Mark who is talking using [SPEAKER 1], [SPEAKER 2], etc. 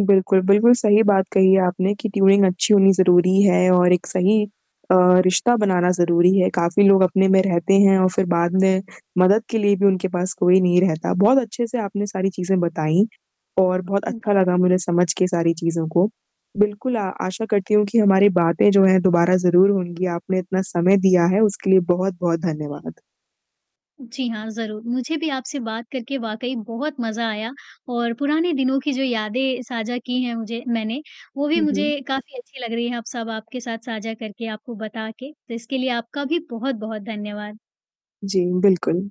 [SPEAKER 1] बिल्कुल, बिल्कुल, सही बात कही आपने कि ट्यूनिंग अच्छी होनी ज़रूरी है और एक
[SPEAKER 2] हाँ।
[SPEAKER 1] सही अ, रिश्ता बनाना ज़रूरी है। काफ़ी लोग अपने में रहते हैं और फिर बाद में मदद के लिए भी उनके पास कोई नहीं रहता, बहुत अच्छे से आपने सारी चीज़ें बताईं। और बहुत
[SPEAKER 2] बिल्कुल।
[SPEAKER 1] अच्छा लगा मुझे समझ के सारी चीज़ों को, बिल्कुल अ, आशा करती हूँ कि हमारी बातें जो हैं, दोबारा ज़रूर होंगी, आपने इतना समय दिया है उसके लिए बहुत-बहुत धन्यवाद।
[SPEAKER 2] जी हाँ, ज़रूर, मुझे भी आपसे बात करके वाक़ई बहुत मज़ा आया और पुराने दिनों की जो यादें साझा की हैं मुझे मैंने, वो भी
[SPEAKER 1] हुँ, हुँ।
[SPEAKER 2] मुझे काफ़ी अच्छी लग रही है, अब सब आपके साथ साझा करके, आपको बता के, तो इसके लिए आपका भी बहुत-बहुत धन्यवाद।
[SPEAKER 1] जी, बिल्कुल।